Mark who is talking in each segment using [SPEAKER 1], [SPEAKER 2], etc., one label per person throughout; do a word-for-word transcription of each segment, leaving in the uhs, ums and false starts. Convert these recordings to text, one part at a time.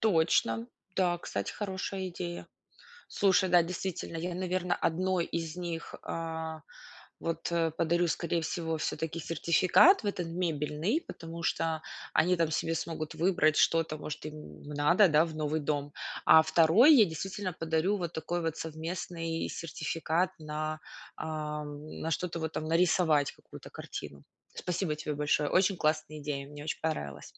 [SPEAKER 1] Точно. Да, кстати, хорошая идея. Слушай, да, действительно, я, наверно, одной из них, а, вот, подарю, скорей всего, всё-таки сертификат в этот мебельный, потому что они там себе смогут выбрать что-то, может, им надо, да, в новый дом. А второй я, действительно, подарю вот такой вот совместный сертификат на, ам, на что-то, вот там нарисовать какую-то картину. Спасибо тебе большое! Очень классная идея! Мне очень понравилось.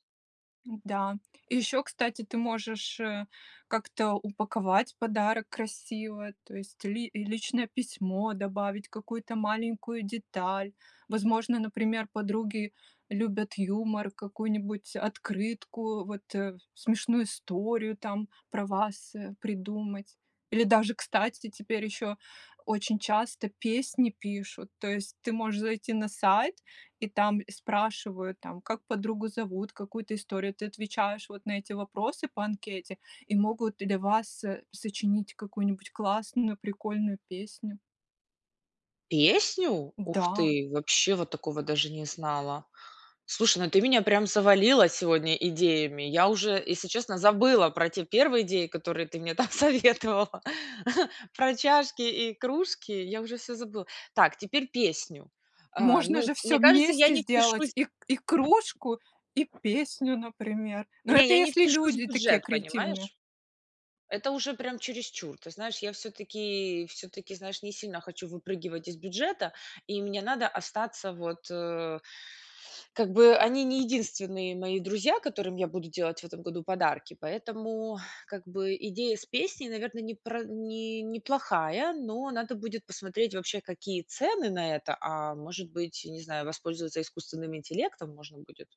[SPEAKER 2] М-да. И ещё, кстати, ты можешь, э, как-то упаковать подарок красиво, то есть, ли личное письмо добавить, какую-то маленькую деталь. Возможно, например, подруги любят юмор, какую-нибудь открытку, вот, э, смешную историю там про вас, э, придумать. Или даже, кстати, теперь ещё очень часто песни пишут. То есть, ты можешь зайти на сайт, и там спрашивают, там, как подругу зовут, какую-то историю. Ты отвечаешь, вот, на эти вопросы по анкете, и могут для вас со сочинить какую-нибудь классную, прикольную песню.
[SPEAKER 1] Песню? Ух
[SPEAKER 2] М-да.
[SPEAKER 1] ты, вообще вот такого даже не знала. Слушай, ну, ты меня, прям, завалила сегодня идеями. Я уже, если честно, забыла про те первые идеи, которые ты мне, там, советовала про чашки и кружки. Я уже всё забыла. Так, теперь песню. А,
[SPEAKER 2] Можно
[SPEAKER 1] ну,
[SPEAKER 2] же
[SPEAKER 1] мне
[SPEAKER 2] всё
[SPEAKER 1] кажется, я
[SPEAKER 2] вместе
[SPEAKER 1] не
[SPEAKER 2] сделать:
[SPEAKER 1] впишусь
[SPEAKER 2] и и кружку, и песню, например. Но
[SPEAKER 1] Не,
[SPEAKER 2] это
[SPEAKER 1] я не
[SPEAKER 2] если
[SPEAKER 1] впишусь в
[SPEAKER 2] люди такие
[SPEAKER 1] бюджет,
[SPEAKER 2] креативные.
[SPEAKER 1] понимаешь? Это уже, прям, чересчур. Ты знаешь, я всё-таки всё-таки, знаешь, не сильно хочу выпрыгивать из бюджета, и мне надо остаться, вот, э, как бы, они не единственные мои друзья, которым я буду делать в этом году подарки, поэтому, как бы, идея с песней, наверно, непр не неплохая, но надо будет посмотреть, вообще, какие цены на это, а, может быть, не знаю, воспользоваться искусственным интеллектом можно будет.